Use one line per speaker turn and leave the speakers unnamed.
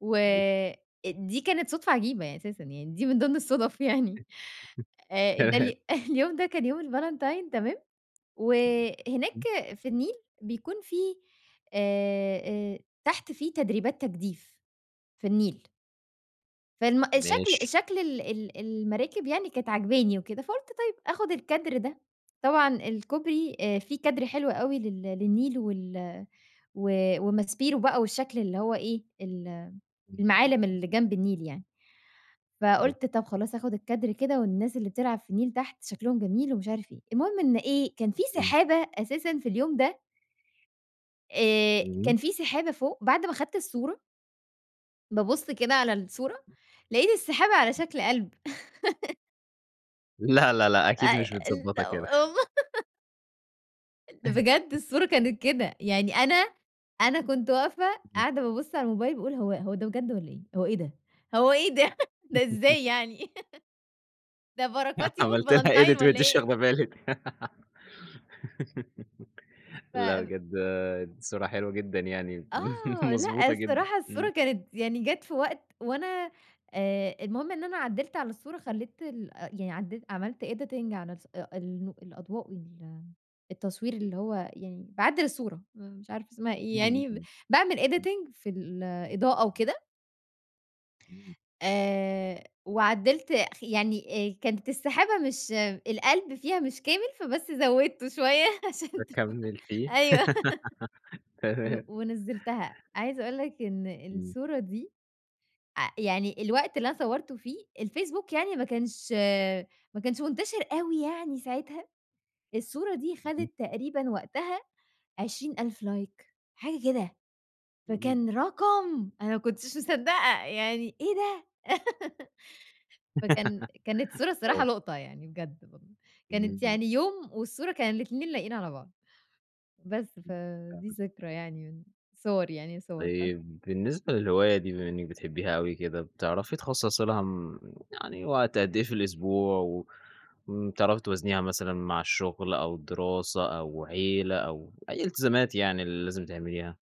و
[unintelligible]
دي كانت صدفة عجيبة يعني أساسًا، يعني دي من ضمن الصدف يعني. ده
تمام.
ال اليوم ده كان يوم الفالنتين تمام،
[unintelligible]
وهناك
امم.
في النيل بيكون في آآ، آآ، تحت في تدريبات تجديف. في النيل. فم الشكل
ماشي.
شكل ال ال المراكب يعني كانت عاجباني وكده، فقلت طيب، آخد الكادر ده. طبعًا الكوبري في كادر حلو أوي لل للنيل وال و وماسبيرو بقى والشكل اللي هو إيه، ال المعالم
[unintelligible]
اللي جنب النيل يعني.
تم
فقلت: "طب، خلاص آخد الكادر كده والناس اللي بتلعب في النيل تحت شكلهم جميل ومش عارف إيه." المهم إن إيه، كان في
امم.
سحابة أساسًا في اليوم ده آآ، كان
امم.
في سحابة فوق، بعد ما أخدت الصورة. بابُص كده على الصورة، لقيت السحابة على شكل قلب.
لا لا لأ، أكيد
أ
مش
ل
متضبطة كده.
بجد الصورة كانت كده. يعني أنا أنا كنت واقفة،
امم.
قاعدة بابُص على الموبايل باقول: "هو هو ده بجد والّا إيه؟ هو إيه ده؟ هو إيه ده؟ ده إزاي يعني؟ ده بركات يوم
عملت لها
الفالنتين
edit
والّا
وأنتِ مش
إيه؟"
واخدة بالِك. لأ،
ف
بجد صورة حلوة جدًا يعني
آه، لأ،
مضبوطة جدًا.
الصراحة
امم.
الصورة كانت يعني جات في وقت وأنا آآ، المهم إن أنا عدّلت على الصورة خليت ال يعني عدت عملت editing على الص النو الأضواء وال التصوير اللي هو يعني باعدّل الصورة. مش عارفة اسمها إيه
امم، امم.
يعني، باعمل
امم.
editing في الإضاءة وكده.
امم.
آآ، وعدّلت خ يعني كانت السحابة مش القلب فيها مش كامل، فبس زودته شوية عشان تكون
فكملتيه.
أيوه، و
تمام.
ونزلتها. عايزة أقول لك إن
امم.
الصورة دي، ع يعني الوقت اللي أنا صورته فيه، الفيسبوك يعني ما كانش ما كانش منتشر أوي يعني ساعتها. الصورة دي
[unintelligible]
خدت تقريبًا وقتها 20.000 لايك حاجة كده.
امم.
فكان رقم، أنا ما كنتش مصدقة. يعني إيه ده؟! فكان كانت صورة الصراحة
آه.
لقطة يعني بجد. كانت
امم.
يعني يوم والصورة كان الاتنين لايقين على بعض، بس
امم،
فدي
تمام.
ذكرى يعني، صور يعني صورتها.
طيب، بالنسبة للهواية دي بما إنِّك بتحبيها أوي كده، بتعرفي تخصص لها م م يعني وقت قد إيه في الأسبوع م وبتعرفي توازنيها مثلًا مع الشغل أو دراسة أو عيلة أو أي التزامات يعني اللي لازم تعمليها؟